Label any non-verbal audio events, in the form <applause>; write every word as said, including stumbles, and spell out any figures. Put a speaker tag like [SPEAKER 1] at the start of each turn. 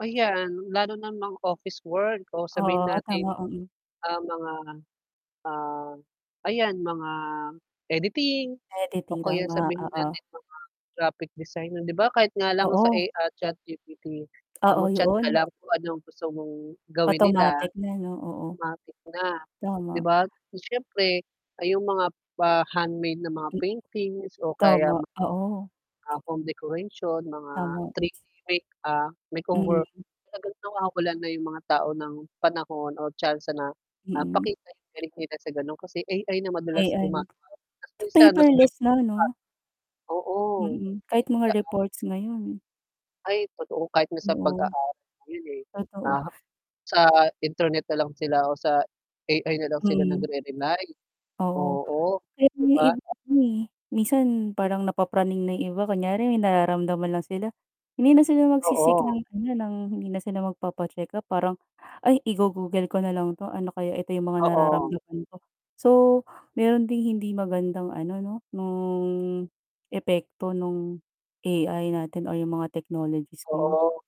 [SPEAKER 1] Ayan, lalo na ang mga office work o sabihin
[SPEAKER 2] Oo
[SPEAKER 1] natin,
[SPEAKER 2] tama, mm.
[SPEAKER 1] ah, mga, ah, ayan, mga editing o
[SPEAKER 2] Editing,
[SPEAKER 1] kaya
[SPEAKER 2] tama,
[SPEAKER 1] sabihin
[SPEAKER 2] oo.
[SPEAKER 1] natin mga graphic designer. 'Di ba, kahit nga lang sa A
[SPEAKER 2] Oo.
[SPEAKER 1] ah, Chat G-P-T, ah,
[SPEAKER 2] Oo,
[SPEAKER 1] mag-chat ka
[SPEAKER 2] 'yon.
[SPEAKER 1] lang kung ano ang gusto mong gawin nila,
[SPEAKER 2] Automatic na 'no? Oo.
[SPEAKER 1] matik na, 'di
[SPEAKER 2] Tama.
[SPEAKER 1] ba? Siyempre ayung mga pa-handmade na mga
[SPEAKER 2] M
[SPEAKER 1] paintings o kaya
[SPEAKER 2] tama,
[SPEAKER 1] mga,
[SPEAKER 2] oo.
[SPEAKER 1] ah, home decoration, mga
[SPEAKER 2] Tama.
[SPEAKER 1] three D make ah, makeover.
[SPEAKER 2] Mm.
[SPEAKER 1] Talagang nawawalan na yung mga tao ng panahon o tsansa na, ah,
[SPEAKER 2] Mm.
[SPEAKER 1] pakita yung galing nila sa ganon, kasi A-I na madalas gumagawa,
[SPEAKER 2] Ayan,
[SPEAKER 1] 'tas minsan mas <unintelligible> pa.
[SPEAKER 2] paperless na 'no?
[SPEAKER 1] Oo.
[SPEAKER 2] Mm,
[SPEAKER 1] Di
[SPEAKER 2] kahit
[SPEAKER 1] na
[SPEAKER 2] mga
[SPEAKER 1] gaanong
[SPEAKER 2] reports ngayon.
[SPEAKER 1] Ay, totoo kahit na sa
[SPEAKER 2] Oo.
[SPEAKER 1] pag-aaral ngayon, eh,
[SPEAKER 2] Totoo.
[SPEAKER 1] naha sa internet na lang sila o sa A-I nalang sila
[SPEAKER 2] Mm.
[SPEAKER 1] nagre-rely
[SPEAKER 2] Oo,
[SPEAKER 1] oo,
[SPEAKER 2] kaya
[SPEAKER 1] 'di
[SPEAKER 2] yung
[SPEAKER 1] ba?
[SPEAKER 2] iba rin, eh, minsan parang napapraning na yung iba. Kunyari may nararamdaman lang sila, hindi na sila magsi-seek ng
[SPEAKER 1] Oo.
[SPEAKER 2] ano, ng hindi na sila magpapa-check up parang, "Ay, igo-google ko na lang 'to, ano kaya? Ito yung mga
[SPEAKER 1] Oo.
[SPEAKER 2] nararamdaman ko." So, meron ding hindi magandang ano 'no, ng epekto nung A-I natin o yung mga technologies ngayon.
[SPEAKER 1] Oo.